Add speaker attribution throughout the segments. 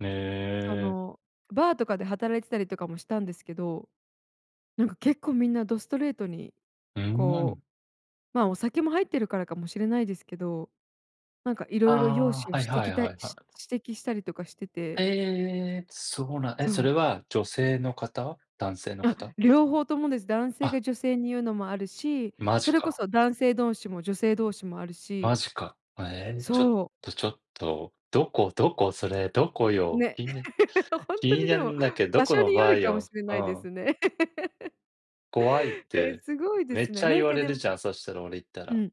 Speaker 1: へ
Speaker 2: そ
Speaker 1: え。
Speaker 2: の、バーとかで働いてたりとかもしたんですけど、なんか結構みんなどストレートに
Speaker 1: うー
Speaker 2: こ
Speaker 1: ん。
Speaker 2: うまあ、お酒も入ってるからかもしれないですけど、なんかいろいろ容
Speaker 1: あ
Speaker 2: 姿
Speaker 1: あ、
Speaker 2: を
Speaker 1: はいは
Speaker 2: 指
Speaker 1: い
Speaker 2: 摘た
Speaker 1: は
Speaker 2: い
Speaker 1: いはい。
Speaker 2: 指摘したりとかしてて
Speaker 1: ええ！そうなんえ、
Speaker 2: そ
Speaker 1: それ
Speaker 2: う。
Speaker 1: は女性の方？男性の
Speaker 2: あ、
Speaker 1: 方？
Speaker 2: 両方ともです。男性
Speaker 1: あ。
Speaker 2: が女性にゆうのもあるし、
Speaker 1: マ
Speaker 2: そ
Speaker 1: ジ
Speaker 2: れこ
Speaker 1: か。
Speaker 2: そ男性同士も女性同士もある
Speaker 1: マ
Speaker 2: し
Speaker 1: ジか。あ、ええ、ちょっ
Speaker 2: そう。
Speaker 1: とちょっと、どこどこ、それどこよ？
Speaker 2: ね。
Speaker 1: 気に
Speaker 2: ほん
Speaker 1: 気
Speaker 2: と
Speaker 1: に
Speaker 2: に
Speaker 1: な
Speaker 2: で
Speaker 1: る
Speaker 2: も
Speaker 1: んだけど
Speaker 2: 場
Speaker 1: こ
Speaker 2: 所
Speaker 1: の
Speaker 2: によ
Speaker 1: バ
Speaker 2: る
Speaker 1: ー
Speaker 2: かも
Speaker 1: よ？
Speaker 2: しれ
Speaker 1: う
Speaker 2: ないで
Speaker 1: ん。
Speaker 2: すね。
Speaker 1: 怖いっ
Speaker 2: え、
Speaker 1: て、
Speaker 2: すごいで
Speaker 1: めっ
Speaker 2: す
Speaker 1: ち
Speaker 2: ね。
Speaker 1: ゃ
Speaker 2: な
Speaker 1: 言
Speaker 2: ん
Speaker 1: わ
Speaker 2: か
Speaker 1: れ
Speaker 2: で
Speaker 1: るじゃん、そしたら、俺行った
Speaker 2: う
Speaker 1: ら。
Speaker 2: ん。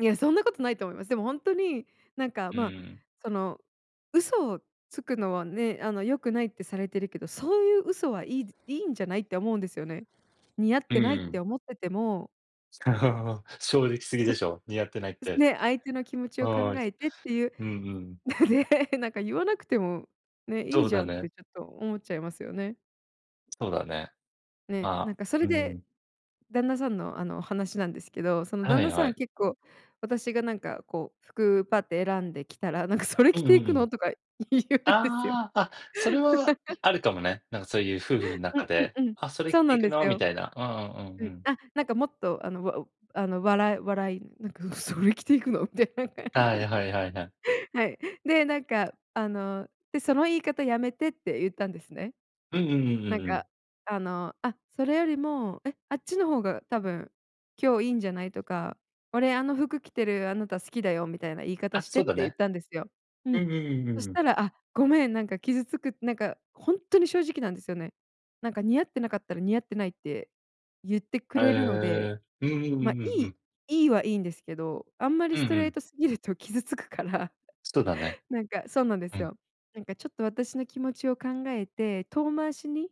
Speaker 2: いやそんなことないと思います。でもほんとに、なんか
Speaker 1: う
Speaker 2: ま、
Speaker 1: ん。
Speaker 2: その、嘘をつくのはね、あの、良くないってされてるけど、そうゆう嘘はいいでいいんじゃない？って思うんですよね。似合っ
Speaker 1: う
Speaker 2: てないっ
Speaker 1: ん。
Speaker 2: て思ってても
Speaker 1: そう。正直すぎ
Speaker 2: ちょ
Speaker 1: で
Speaker 2: っ
Speaker 1: しょ、似合ってないっ
Speaker 2: す
Speaker 1: て。
Speaker 2: ね、相手の気持ち
Speaker 1: う
Speaker 2: を考
Speaker 1: ん。
Speaker 2: えてってゆう
Speaker 1: うんうん。
Speaker 2: ね、なんかゆわなくても、ね、い
Speaker 1: そ
Speaker 2: い
Speaker 1: う
Speaker 2: じ
Speaker 1: だ
Speaker 2: ゃんっ
Speaker 1: ね。
Speaker 2: てちょっと思っちゃいますよね。
Speaker 1: そうだね。
Speaker 2: ね、
Speaker 1: ま
Speaker 2: なん
Speaker 1: あ、
Speaker 2: かそ
Speaker 1: う
Speaker 2: れ
Speaker 1: ー
Speaker 2: で
Speaker 1: ん。
Speaker 2: 旦那さんの、あの、話なんですけど、その、
Speaker 1: は
Speaker 2: 旦
Speaker 1: い
Speaker 2: 那さ
Speaker 1: は
Speaker 2: ん
Speaker 1: い。
Speaker 2: 結構私がなんかこう服パッて選んで着たら、なんか、「それ
Speaker 1: うん、
Speaker 2: 着て
Speaker 1: ふ
Speaker 2: 行
Speaker 1: ふ
Speaker 2: くの？」
Speaker 1: ん。
Speaker 2: とか言うんですよ。
Speaker 1: ああ、あ、それは、い あるかもね。なんかそういう夫婦んな
Speaker 2: ん
Speaker 1: か
Speaker 2: ん、
Speaker 1: で、
Speaker 2: うん。
Speaker 1: 「あ、それ着
Speaker 2: そう
Speaker 1: て
Speaker 2: なん
Speaker 1: 行く
Speaker 2: です
Speaker 1: の？」み
Speaker 2: よ。
Speaker 1: たいな。うんうんう
Speaker 2: う
Speaker 1: んう
Speaker 2: ん、
Speaker 1: ん。
Speaker 2: あ、なんかもっとあの、あの、わおあの、笑い笑い、なんか、「それ着て行くの？」みたいな感じ。
Speaker 1: はいはいはいはい。
Speaker 2: はい、で、なんかあの、で、「その言い方やめて」ってゆったんですね。
Speaker 1: うんうんうんう
Speaker 2: なん
Speaker 1: んうん。
Speaker 2: か、あの、あ、それよりも、「え、あっちの方が多分、今日いいんじゃない？」とか、「俺、あの服着てるあなた好きだよ」みたいな言い方
Speaker 1: あ、
Speaker 2: して
Speaker 1: そう
Speaker 2: っ
Speaker 1: だ
Speaker 2: て言っ
Speaker 1: ね。
Speaker 2: たんですよ。う
Speaker 1: うん
Speaker 2: ん。
Speaker 1: うんうんう
Speaker 2: そ
Speaker 1: ん
Speaker 2: し
Speaker 1: うん。
Speaker 2: たら、あ、ごめんなんか傷つくなんか、ほんとに正直なんですよね。なんか、似合ってなかったら「似合ってない」ってゆってく
Speaker 1: へ
Speaker 2: れるので、
Speaker 1: え、うんうんうん
Speaker 2: ま、い
Speaker 1: うんう
Speaker 2: い
Speaker 1: ん。
Speaker 2: いいはいいんですけど、あんまり
Speaker 1: う
Speaker 2: ス
Speaker 1: ん、
Speaker 2: ト
Speaker 1: ふ
Speaker 2: レー
Speaker 1: ん。
Speaker 2: トすぎると傷つくから。
Speaker 1: そ、だね。
Speaker 2: なんかそうなんで
Speaker 1: う
Speaker 2: す
Speaker 1: ん。
Speaker 2: よ。なんか、「ちょっと私の気持ちを考えて、遠回しに、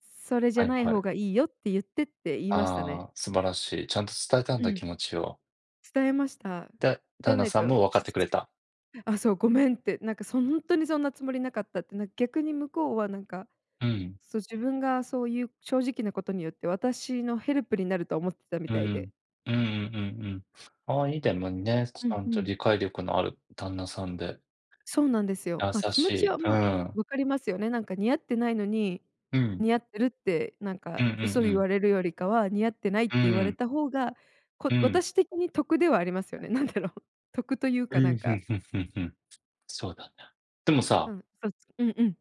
Speaker 2: それじゃ
Speaker 1: はい
Speaker 2: ない
Speaker 1: は
Speaker 2: 方
Speaker 1: い。
Speaker 2: がいいよってゆって」って言いました
Speaker 1: あ
Speaker 2: ね。
Speaker 1: あ、素晴らしい。ちゃんと伝えたん
Speaker 2: う
Speaker 1: だ
Speaker 2: ん。
Speaker 1: 気持ちを。
Speaker 2: 伝えました。
Speaker 1: だ
Speaker 2: じ
Speaker 1: 旦
Speaker 2: ゃ
Speaker 1: 那
Speaker 2: ない
Speaker 1: さん
Speaker 2: と
Speaker 1: もわかって
Speaker 2: 傷
Speaker 1: く
Speaker 2: つ
Speaker 1: れ
Speaker 2: く。
Speaker 1: た。
Speaker 2: 「あ、そう、ごめん」って、なんか、そ、「ほんとにそんなつもりなかった」って、な、逆に向こうはなんか、
Speaker 1: うん。
Speaker 2: そ、自分がそうゆう正直なことによって私のヘルプになると思っ、たみ
Speaker 1: う
Speaker 2: たいで。
Speaker 1: んうん、うんうんうんうん。ああ、いい。でもね、ち
Speaker 2: うん、
Speaker 1: ゃ
Speaker 2: ふ
Speaker 1: んと
Speaker 2: ん。
Speaker 1: 理解力のある旦那さんで。
Speaker 2: そうなんですよ。
Speaker 1: 優
Speaker 2: ま、気
Speaker 1: し
Speaker 2: 持ち
Speaker 1: い。
Speaker 2: は、
Speaker 1: う
Speaker 2: ま、
Speaker 1: ん。
Speaker 2: わかりますよね、なんか、似合ってないのに、
Speaker 1: うん。
Speaker 2: 似合ってるってなん
Speaker 1: う
Speaker 2: か
Speaker 1: んうん
Speaker 2: 嘘
Speaker 1: う
Speaker 2: 言
Speaker 1: ん。
Speaker 2: われるよりかは似合ってないっ
Speaker 1: う
Speaker 2: て
Speaker 1: ん
Speaker 2: 言
Speaker 1: う
Speaker 2: われ
Speaker 1: ん。
Speaker 2: た方が、
Speaker 1: う
Speaker 2: こ
Speaker 1: ん。
Speaker 2: 私的に得ではありますよね。なんだろう、得という
Speaker 1: う
Speaker 2: かなん
Speaker 1: ん、ふ
Speaker 2: か
Speaker 1: んふんふんふん。そうだね。でも
Speaker 2: う
Speaker 1: さ
Speaker 2: ん、そ、うんうん。